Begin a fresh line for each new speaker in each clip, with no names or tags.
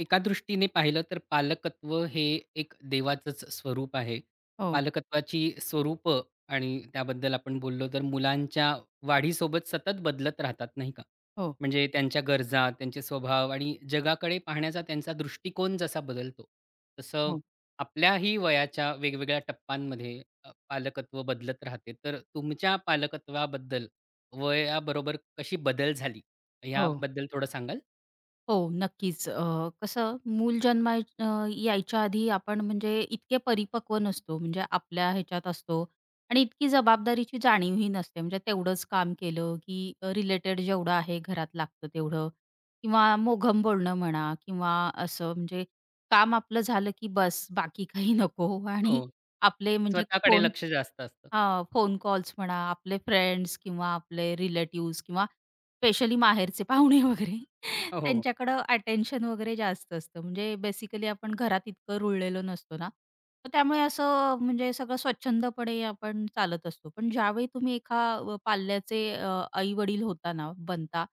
एका दृष्टीने पाहिलं तर पालकत्व हे एक देवाचंच स्वरूप आहे.
हो.
पालकत्वाची स्वरूपं आणि त्याबद्दल आपण बोललो, तर मुलांच्या वाढीसोबत सतत बदलत राहतात नाही का?
हो.
म्हणजे त्यांच्या गरजा, त्यांचे स्वभाव आणि जगाकडे पाहण्याचा त्यांचा दृष्टिकोन जसा बदलतो, तसं
हो.
आपल्याही वयाच्या वेगवेगळ्या टप्प्यांमध्ये अ, पालकत्व बदलत राहते. तर तुमच्या पालकत्वाबद्दल वयाबरोबर कशी बदल झाली
हो.
याबद्दल थोडं सांगाल?
हो, नक्कीच, अ, कसं मूल जन्माला अ, यायच्या आधी आपण म्हणजे इतके परिपक्व नसतो, म्हणजे आपल्या ह्याच्यात असतो आणि इतकी जबाबदारीची जाणीवही नसते. म्हणजे तेवढंच काम केलं, की अ, रिलेटेड जेवढं आहे घरात लागतं तेवढं किंवा मोघम बोलणं म्हणा किंवा असं म्हणजे काम आपलं झालं, की बस बाकी काही नको. आणि
हो.
आपले म्हणजे
स्वतःकडे
फोन
लक्ष जास्त असतं.
हां, फोन कॉल्स म्हणा, आपले फ्रेंड्स किंवा आपले रिलेटिव्हज किंवा स्पेशली माहेरचे पाहुणे वगैरे
हो, हो, हो.
त्यांच्याकडं अटेन्शन वगैरे जास्त असतं. म्हणजे बेसिकली आपण घरात इतकं रुळलेलो नसतो ना, तर त्यामुळे असं म्हणजे सगळं स्वच्छंदपणे आपण चालत असतो. पण ज्यावेळी तुम्ही एका अ, पाल्याचे अ, आई-वडील होता ना, बनता.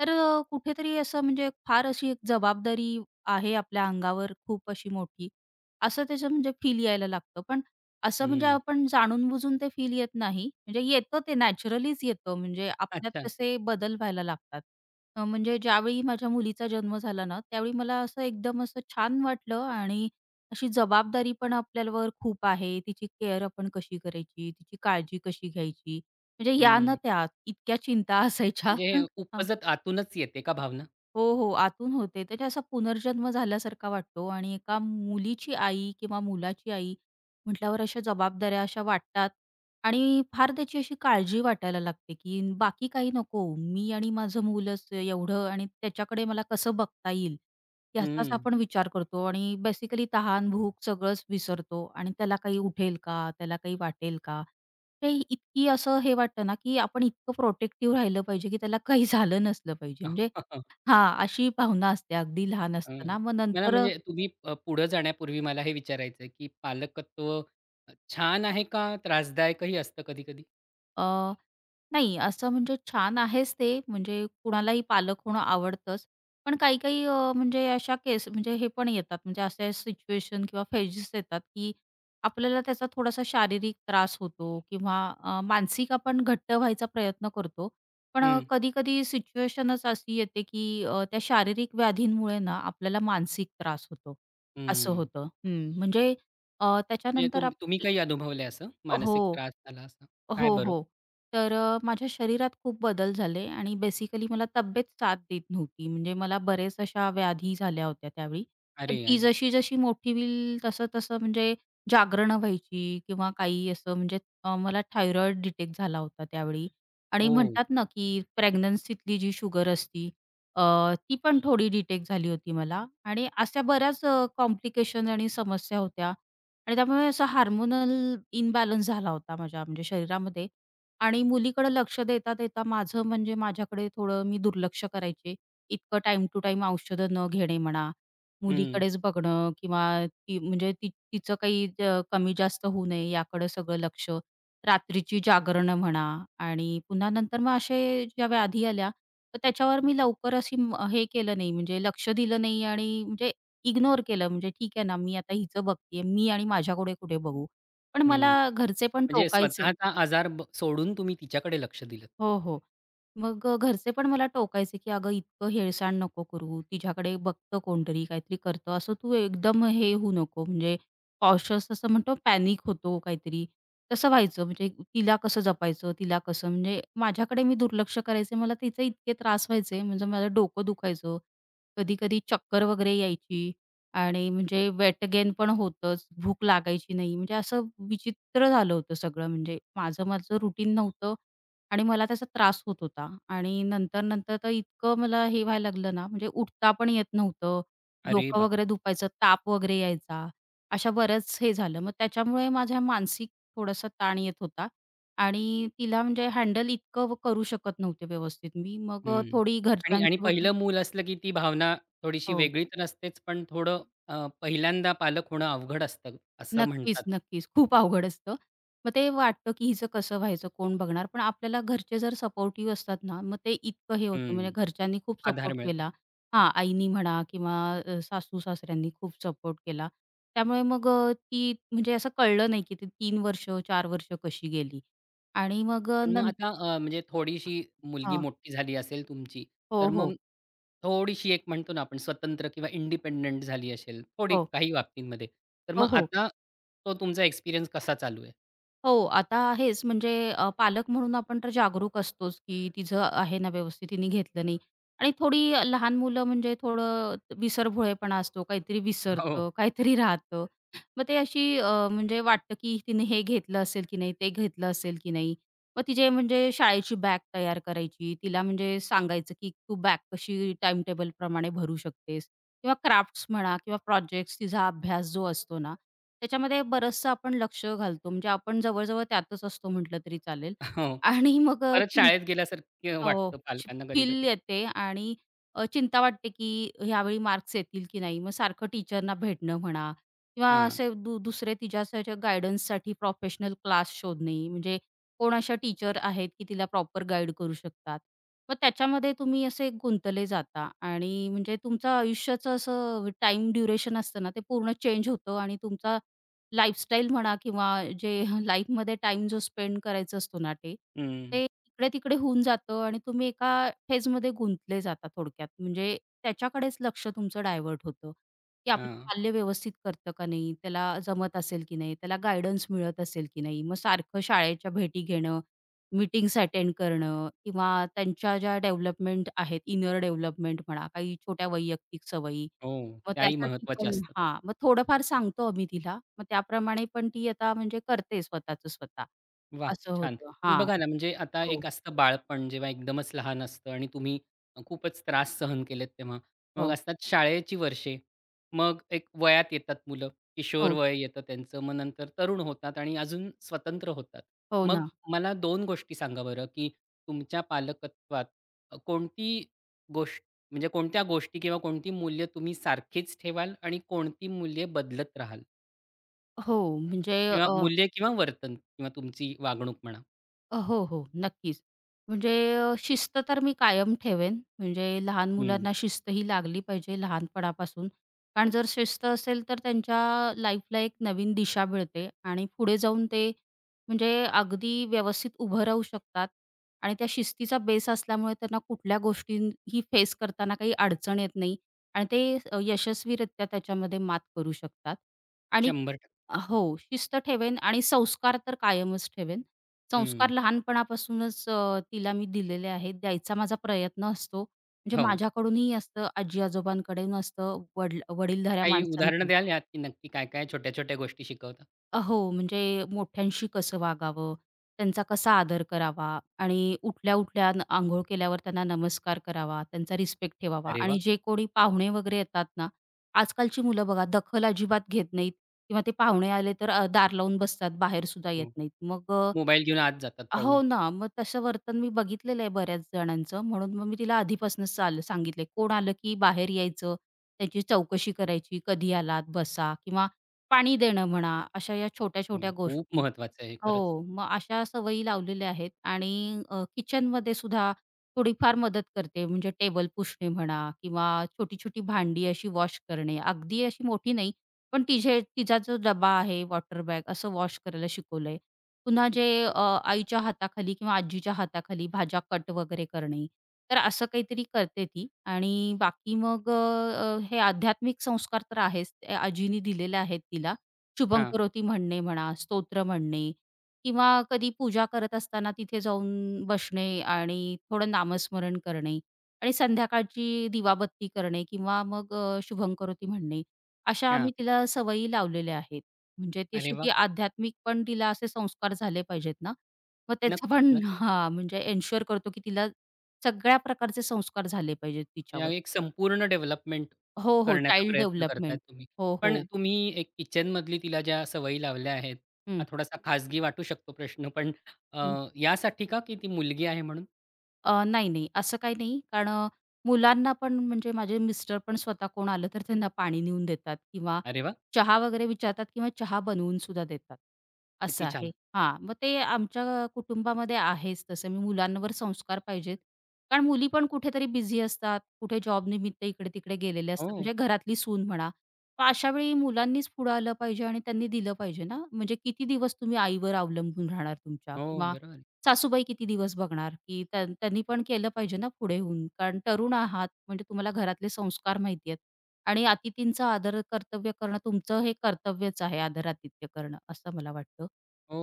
तर अ, कुठेतरी असं म्हणजे फार अशी एक जबाबदारी आहे आपल्या अंगावर खूप अशी मोठी असं त्याचं म्हणजे फील यायला लागतं. पण असं म्हणजे
हं.
आपण जाणून-बुजून ते फील येत नाही, म्हणजे येतं ते नॅचरलीच येतं, म्हणजे आपल्यात
अच्छा.
तसे बदल व्हायला लागतात. अ, म्हणजे ज्यावेळी माझ्या मुलीचा जन्म झाला ना, त्यावेळी मला असं एकदम असं छान वाटलं आणि अशी जबाबदारी पण आपल्यावर खूप आहे तिची केअर आपण कशी करायची, तिची काळजी कशी घ्यायची? म्हणजे या ना
हं.
त्या इतक्या चिंता असायच्या.
म्हणजे हे
हां.
उपजत आतूनच येते का भावना?
हो, हो, आतून होते. त्याच्या असा पुनर्जन्म झाल्यासारखा वाटतो आणि एका मुलीची आई किंवा मुलाची आई म्हटल्यावर अशा जबाबदाऱ्या अशा वाटतात आणि फार त्याची अशी काळजी वाटायला लागते, की बाकी काही नको मी आणि माझं मूलच एवढं आणि त्याच्याकडे मला कसं बघता येईल याचाच
हं.
आपण विचार करतो. आणि बेसिकली तहान भूक सगळंच विसरतो आणि त्याला काही उठेल का, त्याला काही वाटेल का, ते इतकी असं हे वाटतं ना, की आपण इतकं प्रोटेक्टिव्ह राहिलं पाहिजे, की त्याला काही झालं नसलं पाहिजे म्हणजे हां, अशी भावना असते अगदी लहान
हं.
असताना. मग
मला
नंतर अ
म्हणजे तुम्ही अ, पुढे जाण्यापूर्वी मला हे विचारायचंय, की पालकत्व छान आहे का त्रासदायकही असतं कधी-कधी?
अ, नाही, असं म्हणजे छान आहेच ते, म्हणजे कुणालाही पालक होणं आवडतंच, पण काही-काही अ, म्हणजे अशा केस म्हणजे हे पण येतात. म्हणजे असे सिच्युएशन किंवा फेजेस येतात, की आपल्याला त्याचा थोडासा शारीरिक त्रास होतो किंवा अ, मानसिक आपण घट्ट व्हायचा प्रयत्न करतो, पण अ,
हं.
कधी-कधी सिच्युएशनच अशी येते, की अ, त्या शारीरिक व्याधींमुळे ना आपल्याला मानसिक त्रास होतो. असं
हं.
होतं. हं, म्हणजे अ,
म्हणजे
त्याच्यानंतर
तुम
आप
तुम्ही काही अनुभवलंय असं? मानसिक
हो.
त्रास झाला असं? काय
हो,
बरं?
हो. तर अ, माझ्या शरीरात खूप बदल झाले आणि बेसिकली मला तब्येत साथ देत नव्हती. म्हणजे मला बऱ्याच अशा व्याधी झाल्या होत्या त्यावेळी.
अरे,
ती
अरे.
जशी-जशी मोठी होईल, तसं-तसं म्हणजे जागरणं व्हायची किंवा काही असं म्हणजे अ, मला थायरॉईड डिटेक्ट झाला होता त्यावेळी आणि
हो.
म्हणतात ना, की प्रेग्नन्सीतली जी शुगर असती, अ, ती पण थोडी डिटेक्ट झाली होती मला. आणि अशा बऱ्याच अ, कॉम्प्लिकेशन्स आणि समस्या होत्या आणि त्यामुळे असा हार्मोनल इम्बॅलन्स झाला होता माझ्या म्हणजे शरीरामध्ये. आणि मुलीकडं लक्ष देता-देता माझं म्हणजे माझ्याकडे थोडं मी दुर्लक्ष करायचे. इतकं टाईम टू टाईम औषधं न घेणे म्हणा,
हं.
मुलीकडेच बघणं किंवा ती म्हणजे ती तिचं काही अ, कमी-जास्त होऊ नये याकडं सगळं लक्ष, रात्रीची जागरणं म्हणा आणि पुन्हा नंतर मग असे ज्या व्याधी आल्या, तर त्याच्यावर मी लवकर अशी हे केलं नाही, म्हणजे लक्ष दिलं नाही आणि म्हणजे इग्नोर केलं, म्हणजे ठीक आहे ना, मी आता हिचं बघतेय मी आणि माझ्याकडे कुठे बघू, पण
हं,
मला घरचे पण
म्हणजे
टोकायचे.
स्वतःचा आजार ब सोडून तुम्ही तिच्याकडे लक्ष दिलंत.
हो, हो, मग अ, घरचे पण मला टोकायचे, की "अगं इतकं हेळसांड नको करू. तिच्याकडे बघतं कोणतरी, काहीतरी करतं, असं तू एकदम हे होऊ नको." म्हणजे कॉशस असं म्हणतो पॅनिक होतो, काहीतरी तसं व्हायचं, म्हणजे तिला कसं जपायचं? तिला कसं म्हणजे माझ्याकडे मी दुर्लक्ष करायचे, मला तिचे इतके त्रास व्हायचे, म्हणजे मला डोकं दुखायचं, कधी-कधी चक्कर वगैरे यायची आणि म्हणजे वेट गेन पण होतंच, भूक लागायची नाही, म्हणजे असं विचित्र झालं होतं सगळं, म्हणजे माझं-माझं रूटीन नव्हतं आणि मला त्याचा त्रास होत होता आणि नंतर-नंतर तर इतकं मला हे व्हायला लागलं ना, म्हणजे उठता पण येत नव्हतं,
अरे
डोकं
बाप
वगैरे दुखायचं, ताप वगैरे यायचा. अशा बरंच हे झालं. मग त्याच्यामुळे माझ्या मानसिक थोडासा ताण येत होता आणि तिला म्हणजे हँडल इतकं करू शकत नव्हते व्यवस्थित मी. मग अ,
हं,
थोडी
आणि आणि
घरच्यांची वगैरे
पहिलं मूल असलं, की ती भावना थोडीशी
हो.
वेगळी तर असतेच, पण थोडं अ, पहिल्यांदा पालक होणं अवघड असतं असं म्हणतात.
नक्कीच, नक्कीच. खूप अवघड असतं. मग ते वाटतं, की हिचं कसं व्हायचं? कोण बघणार? पण आपल्याला घरचे जर सपोर्टिव्ह असतात ना, मग ते इतकं हे होतं म्हणजे
हं,
घरच्यांनी खूप
आधार
सपोर्ट
मिळतो.
केला. हां, आईनी म्हणा किंवा अ, सासू-सासऱ्यांनी खूप सपोर्ट केला. त्यामुळे मग अ, ती म्हणजे असं कळलं नाही, की ती 3 वर्ष, 4 वर्ष कशी गेली. आणि मग अ
पण मग
नंत
आता अ, म्हणजे थोडीशी मुलगी
हां.
मोठी झाली असेल तुमची,
हो,
तर
हो.
मग, थोडीशी एक म्हणतो ना, आपण स्वतंत्र किंवा इंडिपेंडंट झाली असेल, थोडी
हो.
काही बाबतींमध्ये, तर मग
हो, हो.
आता तो तुमचा एक्सपिरियन्स कसा चालू आहे?
हो. आता हेच म्हणजे अ, पालक म्हणून आपण तर जागरूक असतोच, की तिचं आहे ना, व्यवस्थित, तिने घेतलं नाही. आणि थोडी अ, लहान मुलं म्हणजे थोडं अ, विसरभोळेपणा असतो. काहीतरी
अ,
विसरतं,
हो.
काहीतरी राहतं. मग ते अशी अ, म्हणजे वाटतं, की तिने हे घेतलं असेल की नाही? ते घेतलं असेल की नाही? मग तिचे म्हणजे शाळेची बॅग तयार करायची, तिला म्हणजे सांगायचं, "की तू बॅग कशी टाईम टेबलप्रमाणे भरू शकतेस" किंवा क्राफ्ट्स म्हणा किंवा प्रोजेक्ट्स. तिचा अभ्यास जो असतो ना, त्याच्यामध्ये बरंचसं आपण लक्ष घालतो. म्हणजे आपण जवळ-जवळ त्यातच असतो म्हटलं तरी चालेल.
अ, हो,
आणि मग अ
परत शाळेत गेल्यासारखं
अ, हो
वाटतं
[unintelligible]
पालकांना
फील
कधी-कधी.
येते आणि अ, चिंता वाटते की अ, यावेळी मार्क्स येतील, की नाही? मग सारखं टीचरना भेटणं म्हणा, किंवा
हां.
असे दु दुसरे तिच्या गाइडन्ससाठी प्रोफेशनल क्लास शोधणे. म्हणजे कोण अशा टीचर आहेत, की तिला प्रॉपर गाइड करू शकतात? मग त्याच्यामध्ये तुम्ही असे गुंतले जाता आणि म्हणजे तुमचं आयुष्याचं असं अ, व टाईम ड्युरेशन असतं ना, ते पूर्ण चेंज होतं. आणि तुमचा लाइफस्टाइल म्हणा, किंवा जे हं लाईफमध्ये टाईम जो स्पेंड करायचा असतो ना ते
हं.
ते इकडे-तिकडे होऊन जातं आणि तुम्ही एका फेजमध्ये गुंतले जाता थोडक्यात. म्हणजे त्याच्याकडेच लक्ष तुमचं डायव्हर्ट होतं, की आपलं
हां.
पाल्य व्यवस्थित करतं का नाही? त्याला जमत असेल, की नाही? त्याला गाईडन्स मिळत असेल की नाही? मग सारखं शाळेच्या भेटी घेणं. मीटिंग्ज अटेंड करणं, किंवा त्यांच्या ज्या डेव्हलपमेंट आहेत, इनर डेव्हलपमेंट म्हणा. काही छोट्या वैयक्तिक सवयी,
हो,
मग
त्याही
त्यासाठी
महत्त्वाच्या
पण
असतात.
हां. मग थोडंफार सांगतो आम्ही तिला. मग त्याप्रमाणे पण ती आता म्हणजे करते स्वतःचं स्वतः.
वाह!
असं
छान.
होतं
पण
हां.
बघा ना, म्हणजे आता
हो.
एक असतं बालपण, जेव्हा एकदमच लहान असतं आणि तुम्ही अ, खूपच त्रास सहन केलेत तेव्हा. मग
हो.
असतात शाळेची वर्षे. मग एक वयात येतात मुलं. किशोर
हो.
वय येतं त्यांचं, मग नंतर तरुण होतात आणि अजून स्वतंत्र होतात.
हो
मग
ना.
मला 2 गोष्टी सांगा बरं, की तुमच्या पालकत्वात अ, कोणती गोष्ट म्हणजे कोणत्या गोष्टी, किंवा कोणती मूल्य तुम्ही सारखीच ठेवाल आणि कोणती मूल्य बदलत राहाल?
हो, म्हणजे
किंवा
अह
मूल्य, किंवा वर्तन, किंवा तुमची वागणूक म्हणा.
अ, हो-हो नक्कीच. म्हणजे अ, शिस्त तर मी कायम ठेवेन. म्हणजे लहान
हं.
मुलांना शिस्तही लागली पाहिजे लहानपणापासून. कारण जर शिस्त असेल, तर त्यांच्या लाईफला एक नवीन दिशा मिळते आणि पुढे जाऊन ते म्हणजे अगदी व्यवस्थित उभं राहू शकतात. आणि त्या शिस्तीचा बेस असल्यामुळे, त्यांना कुठल्या गोष्टींही फेस करताना काही अडचण येत नाही. आणि ते अ, यशस्वीरित्या त्याच्यामध्ये मात करू शकतात. आणि
100 टक्क
अ, हो, शिस्त ठेवेन आणि संस्कार तर कायमच ठेवेन.
हं.
संस्कार लहानपणापासूनच अ, तिला मी दिलेले आहेत. द्यायचा माझा प्रयत्न असतो, म्हणजे
हो.
माझ्याकडून ही असतं, आजी-आजोबांकडंन असतं वड्ल वडीलधाऱ्या
काही उदाहरणं
माणसांकी.
द्याल, यात नक्की काय-काय, छोट्या-छोट्या गोष्टी शिकवतात?
अ, हो, म्हणजे मोठ्यांशी कसं वागावं, त्यांचा कसा आदर करावा आणि उठल्या-उठल्या, अंन अंघोळ केल्यावर त्यांना नमस्कार करावा, त्यांचा रिस्पेक्ट ठेवावा.
अरे वाह!
आणि जे कोणी पाहुणे वगैरे येतात ना आजकालची मुलं बघा, दखल अजिबात घेत नाहीत, किंवा ते पाहुणे आले तर अ, दार लावून बसतात, बाहेर सुद्धा
हं,
येत नाहीत. मग
मोबाईल घेऊन आत जातात
अ
पळून.
हो ना, मग तसं वर्तन मी बघितलेलं आहे बऱ्याच जणांचं. म्हणून मग मी तिला आधीपासून साल सांगितलं आहे. कोण आलं, की बाहेर यायचं, त्यांची चौकशी करायची, कधी आलात बसा, किंवा पाणी देणं म्हणा, अशा या
हं,
छोट्या-छोट्या
खूप
गोष्टी
महत्वाचं आहे, हे खरंच.
हो, मग अशा सवयी लावलेल्या आहेत. आणि अ, किचनमध्ये सुद्धा थोडीफार मदत करते, म्हणजे टेबल पुसणे म्हणा, किंवा छोटी-छोटी भांडी अशी वॉश करणे. अगदी अशी मोठी नाही पण तिचे तिचा जो डब्बा आहे, वॉटर बॅग, असं वॉश करायला शिकवलं आहे. पुन्हा जे
किती छान.
अ, आईच्या हाताखाली, किंवा आजीच्या हाताखाली भाज्या कट वगैरे करणे. तर असं काहीतरी करते ती आणि बाकी मग अ अ, हे आध्यात्मिक संस्कार तर आहेच अ, आजींनी दिलेले आहेत, तिला.
हां.
शुभंकरोती म्हणणे म्हणा, स्तोत्र म्हणणे, किंवा कधी पूजा करत असताना तिथे जाऊन बसणे आणि थोडं नामस्मरण करणे. आणि संध्याकाळची दिवाबत्ती करणे, किंवा मग अ, शुभंकरोती म्हणणे. अशा
हां.
आम्ही तिला सवयी लावलेल्या आहेत. म्हणजे
अरे
तशी
वाह!
ती आध्यात्मिक पण तिला असे संस्कार झाले पाहिजेत ना. मग त्याचं
नक्कीच
पण
नक्क
हां म्हणजे एन्शुअर करतो, की तिला सगळ्या प्रकारचे संस्कार झाले पाहिजेत
या
तिच्यावर.
एक संपूर्ण डेव्हलपमेंट
हो, हो
करण्याचा
चाईल्ड
प्रयत्न करताय
डेव्हलपमेंट.
तुम्ही.
हो,
पण
हो.
तुम्ही एक किचनमधली तिला ज्या सवयी लावल्या आहेत हा
हं.
थोडासा खाजगी वाटू शकतो प्रश्न, पण अ,
हं.
यासाठी का, की ती मुलगी आहे म्हणून?
अ, नाही-नाही असं काही नाही कारण, मुलांना पण म्हणजे माझे मिस्टर पण स्वतः कोण आलं तर त्यांना पाणी नेऊन देतात किंवा
अरे वाह!
चहा वगैरे विचारतात किंवा चहा बनवूनसुद्धा देतात. असं
किती छान!
आहे. हां, मग ते आमच्या कुटुंबामध्ये आहेच तसं मी मुलांवर संस्कार पाहिजेत. कारण मुली पण कुठेतरी बिझी असतात, कुठे जॉबनिमित्त इकडे-तिकडे गेलेले असतात
हो.
म्हणजे घरातली सून म्हणा. मग अशावेळी मुलांनीच पुढं आलं पाहिजे आणि त्यांनी दिलं पाहिजे ना, म्हणजे किती दिवस तुम्ही आईवर अवलंबून राहणार तुमच्या?
हो.
किंवा
बरोबर आहे.
सासूबाई किती दिवस बघणार? की त्या त्यांनी पण केलं पाहिजे ना पुढे होऊन. कारण तरुण आहात म्हणजे तुम्हाला घरातले संस्कार माहिती आहेत. आणि अतिथींचा आदर कर्तव्य करणं तुमचं हे कर्तव्यच आहे आदरातिथ्य करणं असं मला वाटतं.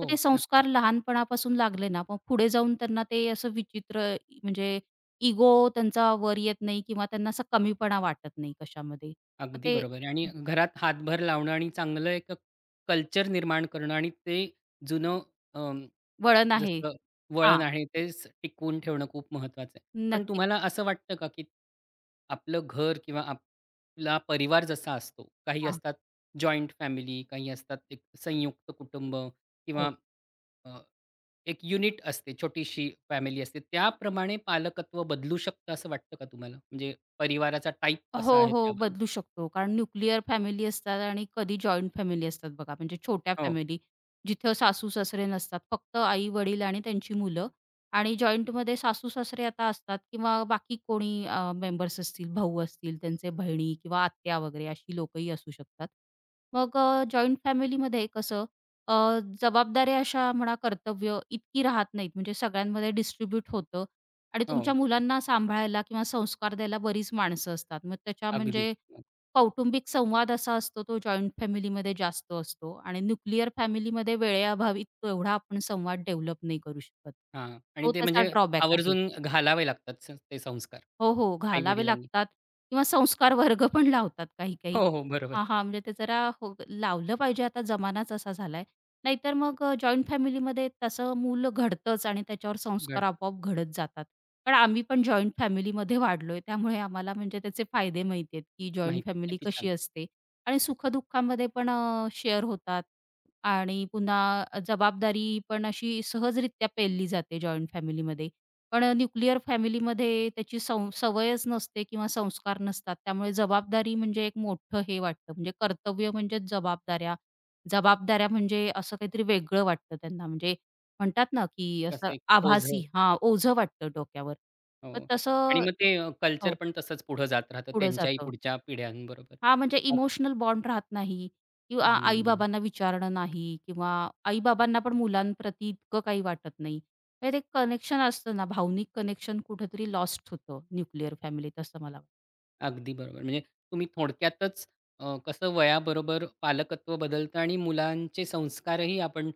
तर ते
नक्की.
संस्कार लहानपणापासून लागले ना मग पुढे जाऊन त्यांना ते असं विचित्र म्हणजे, इगो त्यांचा वर येत नाही किंवा त्यांना असा कमीपणा वाटत नाही कशामध्ये मग
अगदी
ते
बरोबर आहे. आणि
हं
घरात हातभर लावणं आणि चांगलं एक कल्चर निर्माण करणं आणि ते जुनं अ,
वळण आहे.
जसं
हां.
वळण आहे तेच टिकवून ठेवणं खूप महत्वाचं आहे. पण
नक्की.
तुम्हाला असं वाटतं का, की आपलं घर किंवा आपला परिवार जसा असतो. काही
हां.
असतात जॉइंट फॅमिली काही असतात एक संयुक्त कुटुंब
हो.
किंवा अ, एक युनिट असते छोटीशी फॅमिली असते. त्याप्रमाणे पालकत्व बदलू शकतं असं वाटतं का तुम्हाला? म्हणजे परिवाराचा टाइप कसा
हो,
आहे
हो.
त्यावरून?
बदलू शकतो कारण न्यूक्लिअर फॅमिली असतात आणि कधी जॉइंट फॅमिली असतात बघा, म्हणजे छोट्या
हो.
फॅमिली. जिथं सासू, सासरे नसतात फक्त आई-वडील आणि त्यांची मुलं आणि जॉइंटमध्ये सासू-सासरे आता असतात किंवा बाकी कोणी अ, मेंबर्स असतील. भाऊ असतील त्यांचे बहिणी किंवा आत्या वगैरे, अशी लोकंही असू शकतात. मग अ, जॉइंट फॅमिलीमध्ये कसं अ, जबाबदाऱ्या अशा म्हणा कर्तव्य इतकी राहत नाहीत म्हणजे सगळ्यांमध्ये डिस्ट्रिब्यूट होतं आणि तुमच्या
हो.
मुलांना सांभाळायला किंवा संस्कार द्यायला बरीच माणसं असतात. मग त्याच्या
अगदी.
म्हणजे कौटुंबिक संवाद असा असतो तो जॉइंट फॅमिलीमध्ये जास्त असतो आणि न्यूक्लिअर फॅमिलीमध्ये वेळेअभावी तेवढा आपण संवाद डेव्हलप नाही करू शकत.
हां, आणि
तो
ते
त्याचा
म्हणजे,
ड्रॉबॅक आहे.
आवर्जून घालावे लागतात ते संस्कार
हो, हो.
आई,
घालावे
वडिलांनी.
लागतात किंवा संस्कार वर्ग पण लावतात काही काही.
हो, हो. बरोबर.
हां, हां. म्हणजे ते जरा फो लावलं पाहिजे आता जमानाच असा झालाय. नाहीतर मग अ, जॉइंट फॅमिलीमध्ये तसं मूल घडतचं आणि त्याच्यावर संस्कार
घडतं.
आपोआप घडत जातात. पण आम्ही पण जॉइंट फॅमिलीमध्ये वाढलोय त्यामुळे आम्हाला म्हणजे त्याचे फायदे माहिती आहेत, की
माहित
जॉइंट
आहे,
फॅमिली
किती छान!
कशी असते आणि सुखदुःखामध्ये पण अ, शेअर होतात आणि पुन्हा जबाबदारी पण अशी सहजरित्या पेलली जाते जॉइंट फॅमिलीमध्ये. पण अ, न्यूक्लिअर फॅमिलीमध्ये त्याची सौ सवयच नसते किंवा संस्कार नसतात त्यामुळे जबाबदारी म्हणजे एक मोठं हे वाटतं म्हणजे कर्तव्य म्हणजेच जबाबदाऱ्या. जबाबदाऱ्या म्हणजे असं काहीतरी वेगळं वाटतं त्यांना म्हणजे, म्हणतात ना, की असं
कसं एक
आभासी
ओझं.
हां ओझं वाटतं डोक्यावर.
हो
मग तसं,
आणि मग ते कल्चर
हो.
पण तसंच पुढे जात राहतं
पुढं
त्यांच्याही
जातं.
पुढच्या पिढ्यांबरोबर
हां, म्हणजे
अ
इमोशनल बॉन्ड राहत नाही, किंवा आई,
हं.
बाबांना विचारणं नाही, किंवा आई, बाबांना पण मुलांप्रती इतकं काही वाटत नाही. म्हणजे ते एक कनेक्शन असतं ना, भावनिक कनेक्शन कुठेतरी लॉस्ट होतं, न्यूक्लिअर फॅमिलीत असं मला वाटतं.
अगदी बरोबर म्हणजे तुम्ही थोडक्यातच, अ, कसं वयाबरोबर पालकत्व बदलतं आणि मुलांचे संस्कारही आपण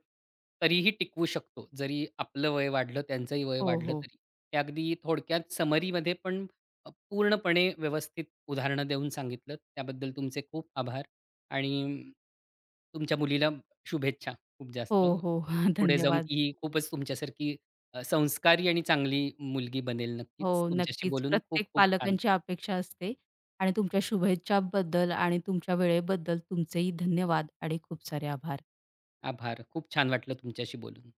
तरीही टिकवू शकतो. जरी आपलं वय वाढलं त्यांचंही वय
हो,
वाढलं
हो.
तरी. ते अगदी थोडक्यात समरीमध्ये पण पूर्णपणे व्यवस्थित उदाहरणं देऊन सांगितल त्याबद्दल तुमचे खूप आभार, आणि तुमच्या मुलीला शुभेच्छा खूप
हो,
जास्त.
हो. ह,
पुढे जाऊन
धन्यवाद.
ती खूपच तुमच्यासारखी अ, संस्कारी आणि चांगली मुलगी बनेल नक्कीच.
हो,
तुमच्याशी
नक्कीच.
बोलून
प्रत्येक
खूप-खूप छान
पालकांची अपेक्षा असते आणि तुमच्या शुभेच्छाबद्दल आणि तुमच्या वेळेबद्दल तुमचेही धन्यवाद. आणि खूप सारे आभार.
आभार, खूप छान वाटलं तुमच्याशी बोलून.